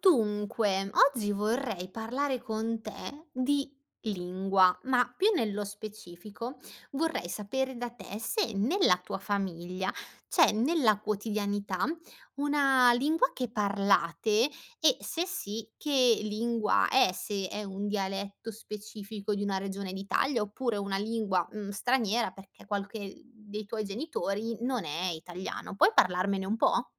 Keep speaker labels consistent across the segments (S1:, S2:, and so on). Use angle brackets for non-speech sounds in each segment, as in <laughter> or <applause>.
S1: Dunque, oggi vorrei parlare con te di lingua, ma più nello specifico, vorrei sapere da te se nella tua famiglia, c'è nella quotidianità una lingua che parlate, e se sì, che lingua è, se è un dialetto specifico di una regione d'Italia, oppure una lingua, mhmm, straniera, perché qualche dei tuoi genitori non è italiano. Puoi parlarmene un po'?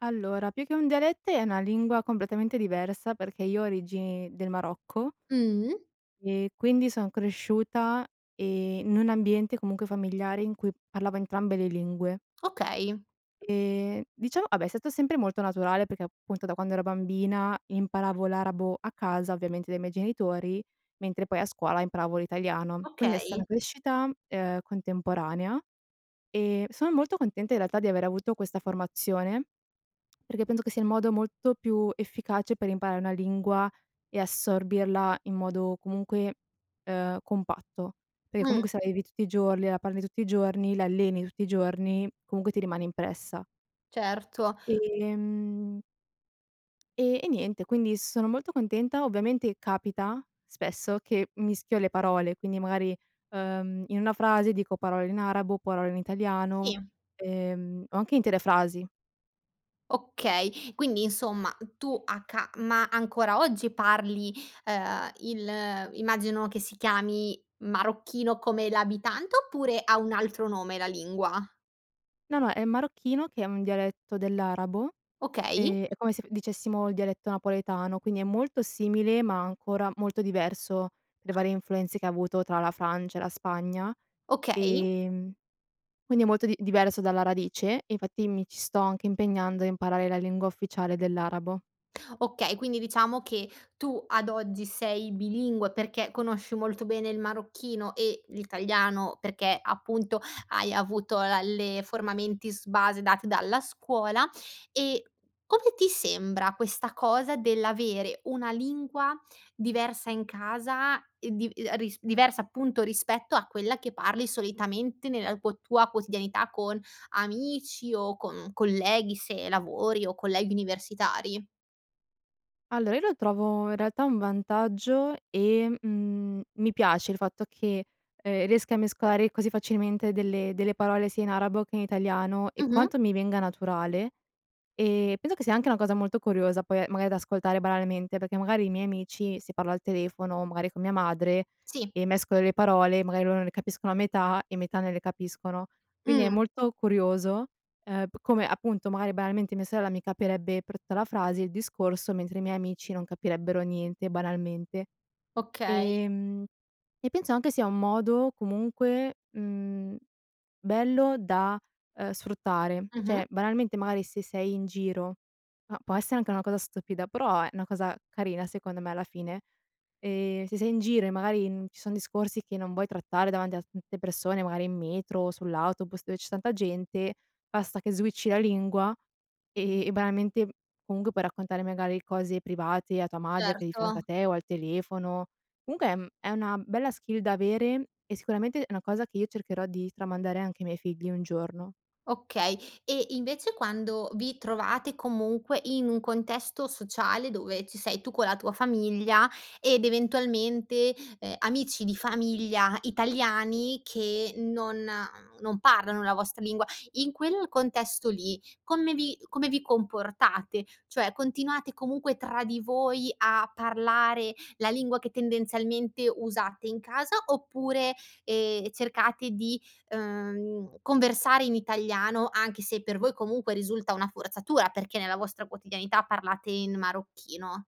S2: Allora, più che un dialetto, è una lingua completamente diversa, perché io ho origini del Marocco
S1: Mhmm.
S2: e quindi son cresciuta, ehm, in un ambiente, comunque familiare, in cui parlava entrambe le lingue.
S1: Okay.
S2: Ehm, diciamo vabbè, è stato sempre molto naturale, perché appunto da quando ero bambina imparavo l'arabo a casa, ovviamente dai miei genitori, mentre poi a scuola imparavo l'italiano. Quindi è
S1: Okay.
S2: stata crescita, ehm, contemporanea, e sono molto contenta in realtà di aver avuto questa formazione, perché penso che sia il modo molto più efficace per imparare una lingua, e assorbirla in modo comunque, ehm, compatto, perché
S1: Mh.
S2: comunque se la vivi tutti i giorni, la parli tutti i giorni, la alleni tutti i giorni, comunque ti rimane impressa.
S1: Certo.
S2: Ehm. E e niente quindi sono molto contenta, ovviamente capita spesso, che mischio le parole, quindi magari, uhm, in una frase dico parole in arabo, o parole in italiano,
S1: Sì.
S2: ehm, o anche intere frasi.
S1: Okay, quindi insomma tu a ca ma ancora oggi parli, ehm, il immagino che si chiami marocchino come l'abitante, oppure ha un altro nome la lingua?
S2: No, no è marocchino, che è un dialetto dell'arabo,
S1: Okay.
S2: ehm, è come se dicessimo il dialetto napoletano, quindi è molto simile, ma ancora molto diverso per le varie influenze che avuto tra la Francia e la Spagna,
S1: Okay.
S2: ehm, quindi è molto di diverso dalla radice, e infatti mi ci sto anche impegnando a imparare la lingua ufficiale dell'arabo.
S1: Okay, quindi, diciamo che tu, ad oggi, sei bilingue, perché, conosci molto bene il marocchino e l'italiano, perché, appunto, hai avuto la le forma mentis base, date dalla scuola, e, come ti sembra, questa cosa dell'avere una lingua, diversa, in casa, e div ehm, risp diversa, appunto, rispetto a quella che parli, solitamente, nella quo tua quotidianità, con amici, o con colleghi, se lavori, o colleghi universitari.
S2: Allora, io lo trovo, in realtà, un vantaggio, e, mhmm, mi piace, il fatto che, uhm, riesca a mescolare, così facilmente, delle delle parole, sia in arabo, che in italiano, e
S1: Mh-mh.
S2: quanto mi venga naturale, e, penso che sia, anche, una cosa molto curiosa, poi, ehm, maga da ascoltare banalmente, perché, magari, i miei amici, se parlo al telefono, magari, con mia madre,
S1: Sì.
S2: e mescolo le parole, magari loro ne capiscono a metà, e metà non le capiscono, quindi, è
S1: Mh.
S2: molto curioso, ehm, p come, appunto, magari, banalmente, mia sorella, mi capirebbe per tutta la frase il discorso, mentre i miei amici, non capirebbero niente, banalmente.
S1: Okay.
S2: Ehm, e penso, anche, sia un modo, comunque, mhmm, bello, da, uhm, sfruttare.
S1: Mh-mh.
S2: Cioè, banalmente, magari, se sei in giro, ma può essere anche una cosa stupida, però, è una cosa carina, secondo me, alla fine, ehm, se sei in giro, e, magari, n ci son discorsi, che non vuoi trattare davanti a <unintelligible> persone, magari in metro, sull'autobus, dove c'è tanta gente, basta che switchi la lingua, e e banalmente, m comunque, puoi raccontare, magari, cose private, a tua madre, che è di fianco a
S1: Certo.
S2: te, o al telefono. Comunque, ehm, è una bella skill da avere, e sicuramente, è una cosa che io cercherò di tramandare, anche i miei figli, un giorno.
S1: Okay, e invece, quando vi trovate, comunque, in un contesto sociale, dove, ci sei tu, con la tua famiglia, ed eventualmente, ehm, amici di famiglia, italiani, che non non parlano la vostra lingua. In quel contesto lì, come vi come vi comportate? Cioè, continuate, comunque, tra di voi, a parlare la lingua che, tendenzialmente, usate in casa, oppure, ehm, cercate di, uhm, conversare in italiano, anche se per voi, comunque, risulta una forzatura, perché, nella vostra quotidianità parlate in marocchino.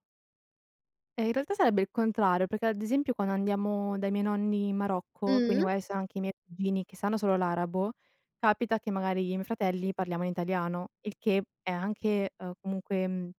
S2: Ehm, in realtà, sarebbe il contrario, perché, ad esempio, quando andiamo dai miei nonni, in Marocco, quindi,
S1: Mh-mh.
S2: magari, sa anche i miei cugini, che sanno solo l'arabo, capita che, magari, io e i miei fratelli parliamo in italiano, il che è, anche, uhm, comunque, mhmm,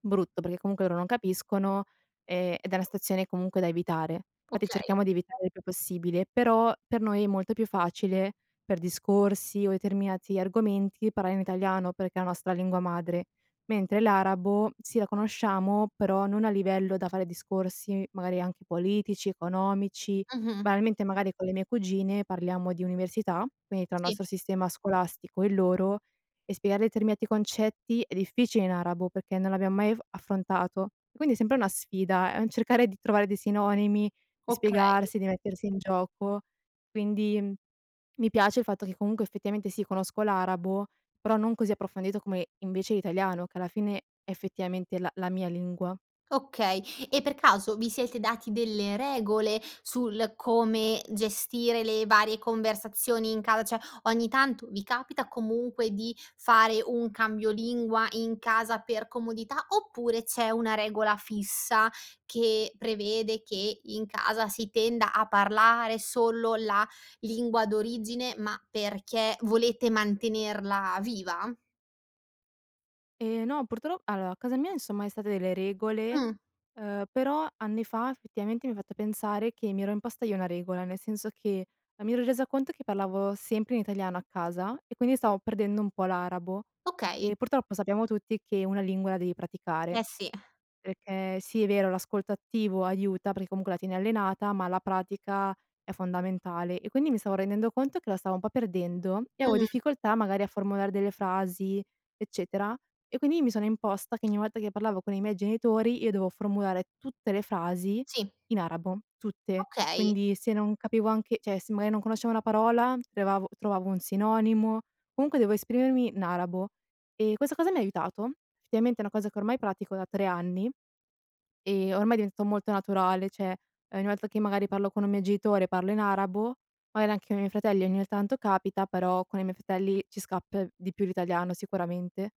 S2: brutto, perché comunque, loro non capiscono, e ed è una situazione, comunque, da evitare. Infatti,
S1: Okay.
S2: cerchiamo di evitare il più possibile, però, per noi, è molto più facile, per discorsi, o determinati argomenti, parlare in italiano, perché è la nostra lingua madre, mentre l'arabo, sì, la conosciamo, però non a livello da fare discorsi, magari, anche politici, economici,
S1: Mh-mh.
S2: banalmente, magari, con le mie cugine, parliamo di università, quindi, tra il
S1: Sì.
S2: nostro sistema scolastico, e il loro, e spiegare determinati concetti, è difficile, in arabo, perché non l'abbiamo mai af affrontato, e quindi, è sempre una sfida, è un cercare di trovare dei sinonimi, di
S1: Okay.
S2: spiegarsi, di mettersi in gioco, quindi, uhm, mi piace il fatto che, comunque, effettivamente, sì, conosco l'arabo, però, non così approfondito, come, invece, l'italiano che, alla fine, è effettivamente, la la mia lingua.
S1: Okay, e per caso, vi siete dati delle regole, sul, come, gestire le varie conversazioni in casa, cioè, ogni tanto, vi capita, comunque, di fare un cambio lingua in casa, per comodità, oppure c'è una regola fissa, che prevede che, in casa, si tenda a parlare solo la lingua d'origine, ma, perché, volete mantenerla viva?
S2: Eh no, purtro allora a casa mia, insomma, è stata delle regole,
S1: Mh.
S2: ehm, però anni fa, effettivamente, mi ha fatto pensare che mi ero imposta io una regola, nel senso che non mi ero resa conto che parlavo sempre in italiano a casa, e quindi stavo perdendo un po' l'arabo
S1: Okay.
S2: e purtroppo sappiamo tutti che una lingua la devi praticare,
S1: Eh sì. <exhales>
S2: perché sì è vero l'ascolto attivo aiuta perché comunque la tieni allenata, ma la pratica è fondamentale. E, quindi, mi stavo rendendo conto che la stavo un po' perdendo, e avevo
S1: Mh.
S2: difficoltà, magari, a formulare delle frasi, eccetera; e quindi mi sono imposta che ogni volta che parlavo con i miei genitori, io dovevo formulare tutte le frasi
S1: Sì.
S2: in arabo, tutte,
S1: Okay.
S2: quindi se non capivo anche cioè se magari non conoscevo una parola, trovavo trovavo un sinonimo, comunque devo esprimermi in arabo, e questa cosa mi ha aiutato. Effettivamente è una cosa che ormai pratico da 3 anni e ormai è diventato molto naturale, cioè ogni volta che magari parlo con un mio genitore, parlo in arabo, magari anche con i miei fratelli ogni tanto capita, però con i miei fratelli ci scappa di più l'italiano sicuramente.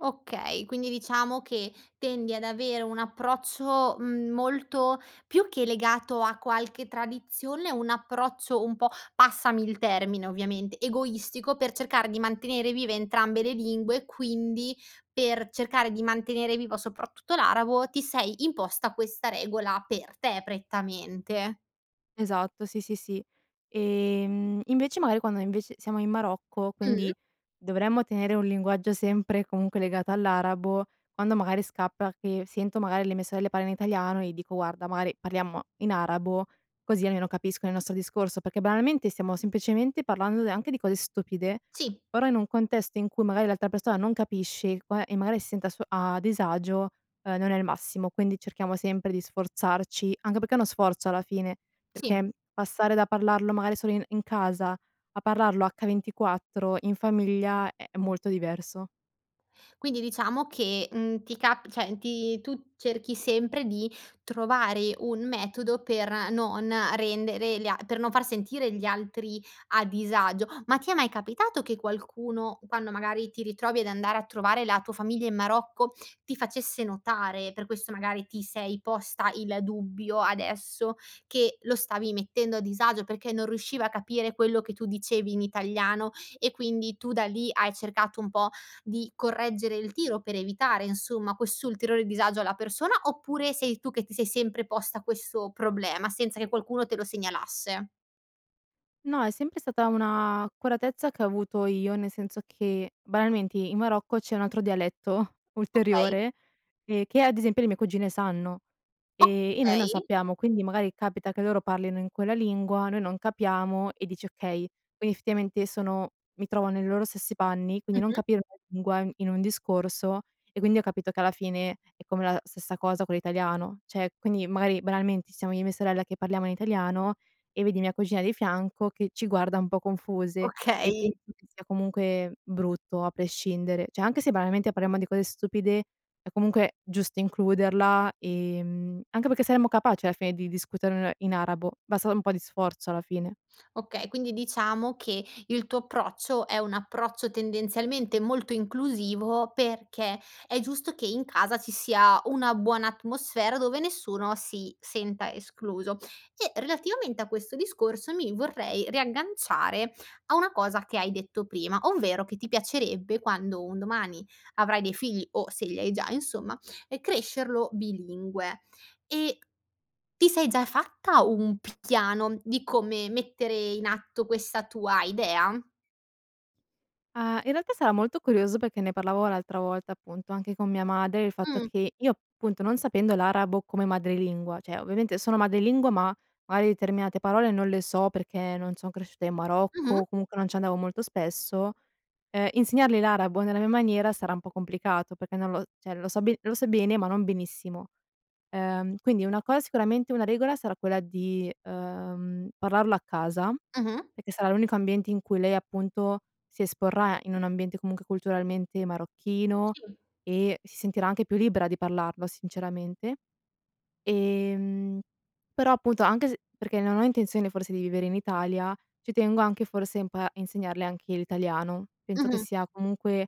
S1: Okay, quindi diciamo che tendi ad avere un approccio, mhmm, molto più che legato a qualche tradizione, un approccio un po', passami il termine, ovviamente, egoistico per cercare di mantenere vive entrambe le lingue, quindi per cercare di mantenere vivo soprattutto l'arabo, ti sei imposta questa regola per te prettamente.
S2: Esatto, sì, sì, sì. Ehm, invece magari quando, invece, siamo in Marocco,
S1: Mh?
S2: quindi dovremmo tenere un linguaggio sempre comunque legato all'arabo, quando magari scappa che sento magari le mie sorelle parlare in italiano e dico: "Guarda, magari parliamo in arabo, così almeno capiscono il nostro discorso" perché, banalmente, stiamo semplicemente parlando de anche di cose stupide,
S1: Sì.
S2: però in un contesto in cui magari l'altra persona non capisce e qua e magari si senta a suo a disagio, ehm, non è il massimo, quindi cerchiamo sempre di sforzarci, anche perché è uno sforzo, alla fine,
S1: Sì.
S2: perché, mhmm, passare da parlarlo magari solo in in casa a parlarlo h24 in famiglia è molto diverso.
S1: Quindi diciamo che, mhmm, ti ca cioè ti tu cerchi sempre di trovare un metodo per non rendere gli a per non far sentire gli altri a disagio. Ma ti è mai capitato che qualcuno, quando magari ti ritrovi ad andare a trovare la tua famiglia in Marocco, ti facesse notare, per questo magari ti sei posta il dubbio adesso che lo stavi mettendo a disagio, perché non riusciva a capire quello che tu dicevi in italiano, e, quindi, tu da lì hai cercato un po' di correggere il tiro, per evitare, insomma, quest'ulteriore disagio alla persona, oppure sei tu che ti sei sempre posta questo problema, senza che qualcuno te lo segnalasse?
S2: No, è sempre stata una accuratezza che ho avuto io, nel senso che banalmente in Marocco c'è un altro dialetto,
S1: Okay.
S2: ulteriore, ehm, che ad esempio le mie cugine sanno, ehm, e noi non
S1: Okay.
S2: sappiamo. Quindi magari capita che loro parlino in quella lingua, noi non capiamo e dici: "Okay, quindi effettivamente sono mi trovo nei loro stessi panni." Quindi non
S1: Mh-mh.
S2: capire una lingua in in un discorso, e quindi ho capito che alla fine è come la stessa cosa con l'italiano. Cioè, quindi magari banalmente, siamo io e mia sorella che parliamo in italiano, e vedi mia cugina di fianco che ci guarda un po' confuse, e
S1: Okay.
S2: penso che sia comunque brutto a prescindere. Cioè, anche se banalmente parliamo di cose stupide, è comunque giusto includerla, ehm, anche perché saremmo capaci alla fine di discuterne in arabo basta un po' di sforzo alla fine.
S1: Okay, quindi diciamo che il tuo approccio, è un approccio tendenzialmente molto inclusivo, perché è giusto che in casa ci sia una buona atmosfera, dove nessuno si senta escluso. E relativamente a questo discorso, mi vorrei riagganciare a una cosa che hai detto prima, ovvero che ti piacerebbe, quando un domani avrai dei figli, o se li hai già insomma, ehm, crescerlo bilingue; e ti sei già fatta un picchiano di come mettere in atto questa tua idea?
S2: Ah, in realtà sarà molto curioso, perché ne parlavo l'altra volta appunto, anche con mia madre, il fatto
S1: Mh.
S2: che, io appunto non sapendo l'arabo come madrelingua, cioè ovviamente sono madrelingua, ma, magari determinate parole non le so, perché non son cresciuta in Marocco,
S1: Mh-mh.
S2: o comunque non ci andavo molto spesso. Ehm, insegnargli l'arabo nella mia maniera, sarà un po' complicato, perché non lo cioè lo so be lo so bene, ma non benissimo, ehm, quindi una cosa sicuramente una regola sarà quella di, ehm, parlarlo a casa,
S1: Mh-mh.
S2: perché sarà l'unico ambiente in cui lei appunto si esporrà in un ambiente comunque culturalmente marocchino,
S1: Sì.
S2: e si sentirà anche più libera di parlarlo sinceramente. Ehm, però appunto anche s perché non ho intenzione, forse di vivere in Italia, ci tengo anche forse un po' a insegnarle anche l'italiano, penso che
S1: Mh-mh.
S2: sia comunque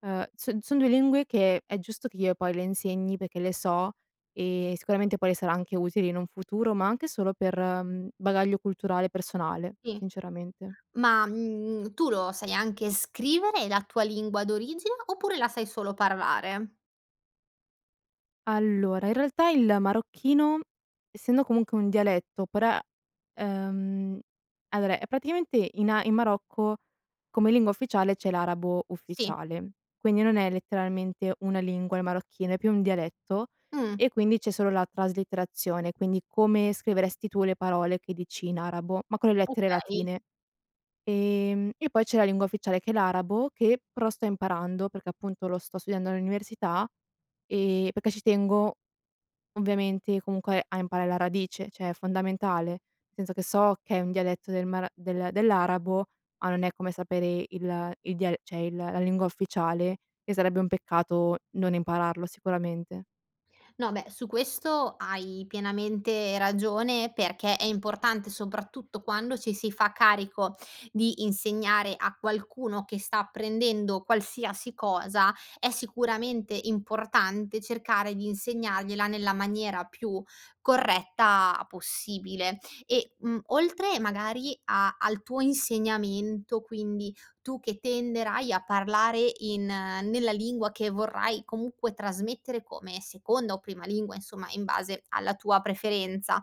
S2: ehm, s son 2 lingue che è giusto che io poi le insegni, perché le so, e sicuramente poi le sarà anche utili in un futuro, ma anche solo per bagaglio culturale personale,
S1: Sì,
S2: sinceramente.
S1: ma, mhmm, tu lo sai anche scrivere la tua lingua d'origine, oppure la sai solo parlare?
S2: Allora, in realtà il marocchino essendo, comunque un dialetto, per a ehm, allora è praticamente in a in Marocco come lingua ufficiale c'è l'arabo
S1: Sì.
S2: ufficiale. Quindi non è letteralmente una lingua il marocchino, è più un dialetto
S1: Mh.
S2: e quindi c'è solo la traslitterazione, quindi come scriveresti tu le parole che dici in arabo, ma con le lettere
S1: Okay.
S2: latine. Ehm, e poi c'è la lingua ufficiale che è l'arabo, che pro sto imparando, perché appunto lo sto studiando all'università, ehm, perché ci tengo, ovviamente, comunque a imparare la radice, cioè, è fondamentale, senso che so che è un dialetto del mar del dell'arabo, ma non è come sapere il il dial cioè il la lingua ufficiale, che sarebbe un peccato non impararlo sicuramente.
S1: No, beh, su questo hai pienamente ragione, perché è importante, soprattutto quando ci si fa carico di insegnare a qualcuno che sta prendendo qualsiasi cosa, è sicuramente importante cercare di insegnargliela nella maniera più corretta possibile e, mhmm, oltre magari a al tuo insegnamento, quindi tu che tenderai a parlare in nella lingua che vorrai comunque trasmettere come seconda o prima lingua, insomma in base alla tua preferenza,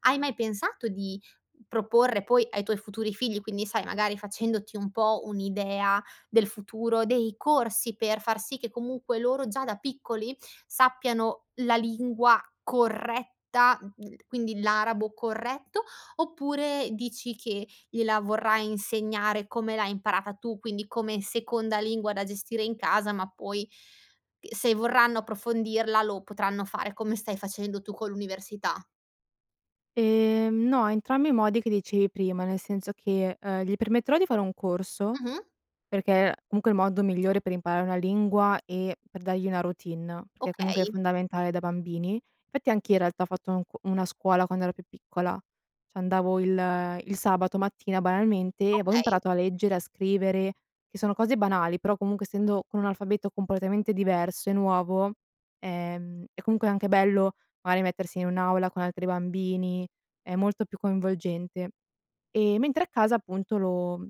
S1: hai mai pensato di proporre poi ai tuoi futuri figli, quindi sai magari facendoti un po' un'idea del futuro, dei corsi per far sì che, comunque, loro già da piccoli sappiano la lingua corretta, <unintelligible> quindi l'arabo corretto, oppure dici che gliela vorrai insegnare come l'hai imparata tu, quindi come seconda lingua da gestire in casa, ma poi c uhm, se vorranno approfondirla lo potranno fare, come stai facendo tu con l'università?
S2: Ehm, no entrambi i modi che dicevi prima, nel senso che, uhm, gli permetterò di fare un corso,
S1: Mh-mh.
S2: perché comunque è il modo migliore per imparare una lingua e per dargli una routine, perché comunque è
S1: Okay.
S2: fondamentale da bambini, fatti anch'io in realtà ho fatto un c una scuola quando ero più piccola, c'andavo il il sabato mattina, banalmente, e avevo
S1: Okay.
S2: imparato a leggere, a scrivere, che sono cose banali però, comunque, essendo con un alfabeto completamente diverso e nuovo, ehm, è comunque anche bello magari mettersi in un'aula con altri bambini, è molto più coinvolgente, ehm, mentre a casa appunto lo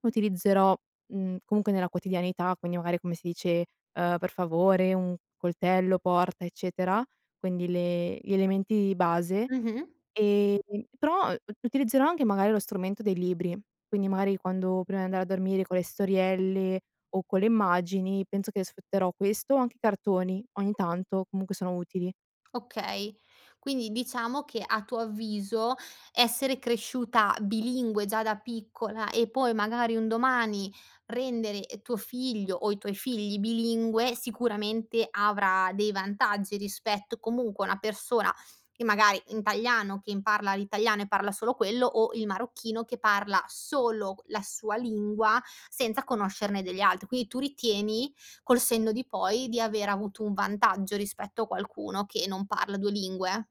S2: utilizzerò, mhmm, comunque nella quotidianità, quindi magari come si dice uhm, per favore un coltello, porta, eccetera, quindi le gli elementi base,
S1: Mh-mh.
S2: ehm, però u utilizzerò anche magari lo strumento dei libri, quindi magari quando prima di andare a dormire con le storielle o con le immagini, penso che sfrutterò questo, o anche i cartoni, ogni tanto, comunque sono utili.
S1: Okay. Quindi diciamo che, a tuo avviso, essere cresciuta bilingue già da piccola e poi magari un domani rendere, ehm, tuo figlio, o i tuoi figli, bilingue sicuramente avrà dei vantaggi, rispetto comunque a una persona, che magari italiano, che parla l'italiano e parla solo quello, o il marocchino che parla solo q la sua lingua, senza conoscerne delle altre. Quindi tu ritieni, col senno di poi, di aver avuto un vantaggio rispetto a qualcuno che non parla 2 lingue?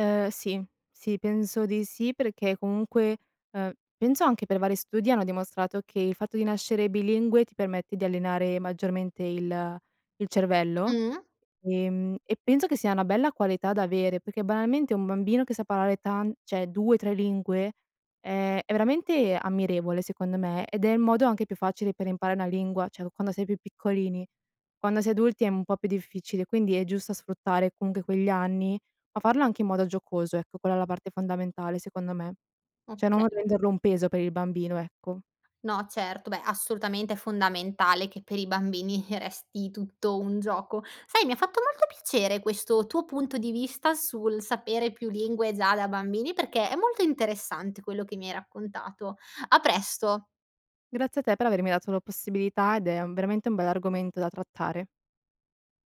S2: Uhm, sì, sì penso di sì, perché comunque uhm, penso anche per vari studi, hanno dimostrato, che il fatto di nascere bilingue ti permette di allenare maggiormente il il cervello,
S1: Mh.
S2: ehm, e penso che sia una bella qualità da avere, perché banalmente un bambino che sa parlare tan cioè, 2, 3 lingue è è veramente ammirevole secondo me, ed è il modo anche più facile per imparare una lingua cioè q quando si è più piccolini, quando si è adulti è un po' più difficile, quindi è giusto sfruttare comunque quegli anni, ma farlo anche in modo giocoso, ecco quella è la parte fondamentale secondo me, cioè
S1: Oka
S2: non renderlo un peso per il bambino ecco.
S1: No certo, beh, assolutamente è fondamentale che per i bambini resti tutto un gioco. Sai, mi ha fatto molto piacere questo tuo punto di vista, sul sapere più lingue già da bambini, perché è molto interessante quello che mi hai raccontato. A presto.
S2: Grazie a te per avermi dato la possibilità ed è veramente un bell'argomento da trattare.